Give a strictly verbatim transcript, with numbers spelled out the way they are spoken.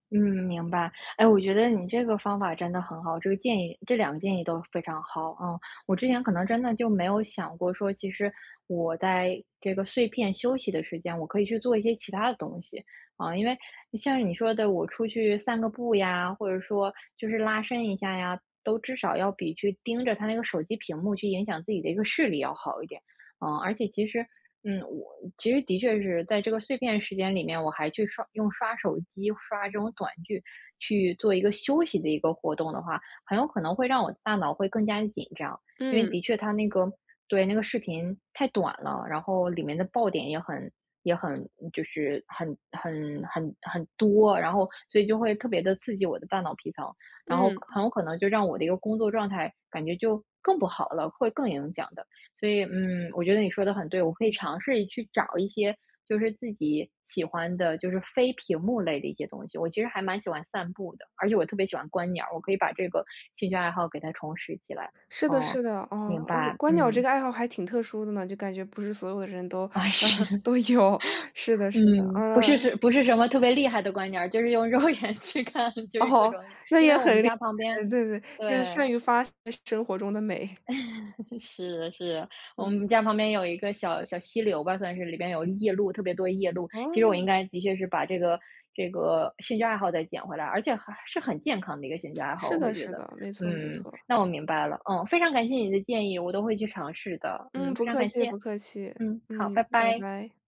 嗯，明白。哎，我觉得你这个方法真的很好，这个建议这两个建议都非常好啊。我之前可能真的就没有想过说，其实我在这个碎片休息的时间，我可以去做一些其它的东西。啊，因为像是你说的，我出去散个步呀，或者说就是拉伸一下呀，都至少要比去盯着它那个手机屏幕去影响自己的一个视力要好一点。啊，而且其实嗯，我其实的确是在这个碎片时间里面，我还去刷用刷手机，刷这种短剧去做一个休息的一个活动的话，很有可能会让我的大脑会更加地紧张。因为嗯。的确它那个对，那个视频太短了，然后里面的爆点也很也很就是很很很很多，然后所以就会特别地刺激我的大脑皮层，然后可嗯。很有可能就让我的一个工作状态感觉就更不好了，会更影响的。所以，嗯，我觉得你说的很对，我可以尝试去找一些就是自己喜欢的，就是非屏幕类的一些东西。我其实还蛮喜欢散步的，而且我特别喜欢观鸟儿，我可以把这个兴趣爱好给它重拾起来。是的，哦，是的。啊，明而且白，观鸟这嗯。个爱好还挺特殊的呢，就感觉不是所有的人都啊，是。都有。是的，是的。嗯，不嗯。是不是什么特别厉害的观鸟儿，就是用肉眼去看，就是各哦，种，那因为也我们很厉家旁边害。对，对，就是对。善于发现生活中的美。是，是，我嗯。们家旁边有一个小小溪流吧，算是里边有夜鹭特别多夜鹭。其实我应哦。该的确是把这个这个兴趣爱好再捡回来，而且还是很健康的一个兴趣爱好。是我会的，觉是得，的，没错，没嗯，错。那我明白了。哦，非常感谢你的建议，我都会去尝试的。嗯，嗯，不非常客感气，谢。不客气。嗯，嗯，好，拜拜拜。拜。